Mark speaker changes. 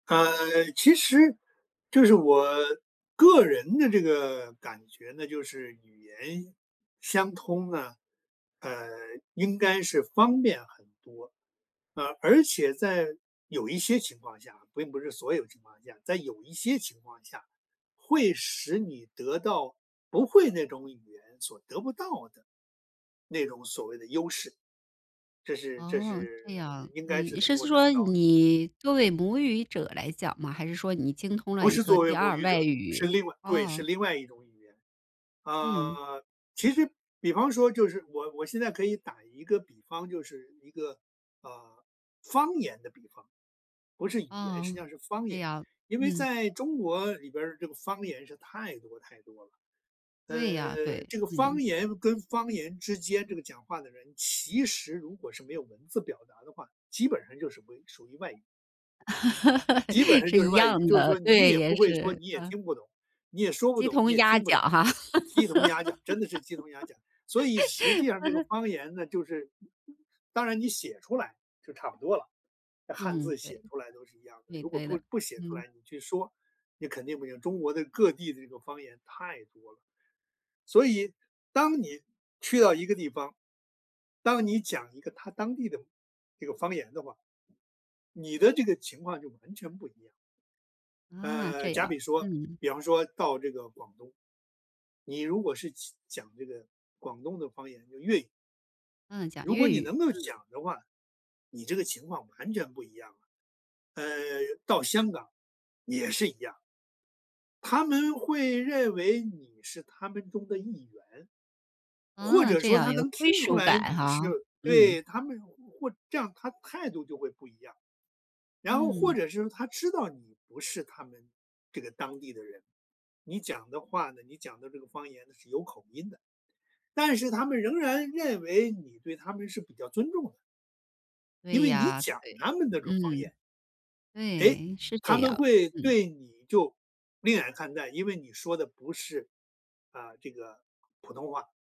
Speaker 1: 呃，其实就是我个人的这个感觉呢就是语言相通呢，呃，应该是方便很多，啊。而且在有一些情况下并不是所有情况下，在有一些情况下，会使你得到不会那种语言所得不到的，那种所谓的优势。这是这
Speaker 2: 哦，
Speaker 1: 是
Speaker 2: 这样。
Speaker 1: 应该
Speaker 2: 嗯，
Speaker 1: 是
Speaker 2: 你
Speaker 1: 能
Speaker 2: 是
Speaker 1: 够达
Speaker 2: 说，
Speaker 1: 到的。
Speaker 2: 你作为母语者来讲吗？还是说你精通了
Speaker 1: 不
Speaker 2: 一
Speaker 1: 是
Speaker 2: 个
Speaker 1: 作
Speaker 2: 第
Speaker 1: 为母
Speaker 2: 2
Speaker 1: 语
Speaker 2: 外
Speaker 1: 者，是
Speaker 2: 语。
Speaker 1: 另外对，
Speaker 2: 啊。
Speaker 1: 是另外一种语言。
Speaker 2: 嗯。
Speaker 1: 呃，其实比方说就是我我现在可以打一个比方，就是一个，呃，方言的比方不是语言，实际
Speaker 2: 哦，
Speaker 1: 上是方
Speaker 2: 对
Speaker 1: 言。
Speaker 2: 呀，
Speaker 1: 因为
Speaker 2: 嗯。
Speaker 1: 在中国里边儿，这个方言是太多太多了。
Speaker 2: 对呀，
Speaker 1: 呃，
Speaker 2: 对，
Speaker 1: 这个方
Speaker 2: 嗯。
Speaker 1: 言跟方言之间，这个讲话的人其实如果是没有文字表达的话，基本上就是为属于外语。基本 上
Speaker 2: 是
Speaker 1: 就是
Speaker 2: 一
Speaker 1: 外语。
Speaker 2: 样
Speaker 1: 就是
Speaker 2: 的，
Speaker 1: 说，你
Speaker 2: 对，
Speaker 1: 也不
Speaker 2: 也
Speaker 1: 会说
Speaker 2: 是，
Speaker 1: 你也
Speaker 2: 啊。
Speaker 1: 听不懂你也说不
Speaker 2: 鸡
Speaker 1: 懂，你
Speaker 2: 同
Speaker 1: 也
Speaker 2: 鸭
Speaker 1: 听不
Speaker 2: 讲，
Speaker 1: 懂，
Speaker 2: 哈。
Speaker 1: 鸡同鸭讲真的是鸡同鸭讲。所以实际上，这个 方言呢，就是当然你写出来，就差不多了，那汉
Speaker 2: 嗯，
Speaker 1: 字写
Speaker 2: 对。
Speaker 1: 出来都是一样的。
Speaker 2: 对
Speaker 1: 如果
Speaker 2: 对
Speaker 1: 不
Speaker 2: 的，
Speaker 1: 不写出
Speaker 2: 嗯。
Speaker 1: 来，你去说，你肯定不行，中国的各地的这个方言太多了。所以，当你去到一个地方，当你讲一个，他当地的这个方言的话，你的这个情况就完全不一样。
Speaker 2: 啊，
Speaker 1: 呃，
Speaker 2: 这
Speaker 1: 假
Speaker 2: 样。
Speaker 1: 比说
Speaker 2: 嗯。
Speaker 1: 比方说到这个广东，你如果是讲讲这个广东的方言就粤语。
Speaker 2: 嗯，讲
Speaker 1: 如果
Speaker 2: 粤
Speaker 1: 你
Speaker 2: 语，
Speaker 1: 能够
Speaker 2: 嗯。
Speaker 1: 讲的话，你这个情况完全不一样了。呃，到香港也是一样。他们会认为，你是他们中的一员。或
Speaker 2: 啊，
Speaker 1: 者
Speaker 2: 这
Speaker 1: 说
Speaker 2: 样。
Speaker 1: 他
Speaker 2: 有
Speaker 1: 能
Speaker 2: 归
Speaker 1: 听出
Speaker 2: 属
Speaker 1: 来，
Speaker 2: 感
Speaker 1: 你
Speaker 2: 哈，
Speaker 1: 是
Speaker 2: 嗯。
Speaker 1: 对，他们或这样，他态度就会不一样。然后，或
Speaker 2: 嗯。
Speaker 1: 者是说，他知道你不是他们这个当地的人，你讲的话呢你讲的这个方言呢，是有口音的。但是他们仍然认为，你对他们是比较尊重的。因
Speaker 2: 对
Speaker 1: 为你
Speaker 2: 呀，
Speaker 1: 讲
Speaker 2: 对，
Speaker 1: 他们那种方
Speaker 2: 嗯。
Speaker 1: 言。诶，
Speaker 2: 对，是
Speaker 1: 他
Speaker 2: 这
Speaker 1: 们
Speaker 2: 样，
Speaker 1: 会
Speaker 2: 嗯。
Speaker 1: 对你，就令眼看待。因为你说的不是，啊，这个普通话。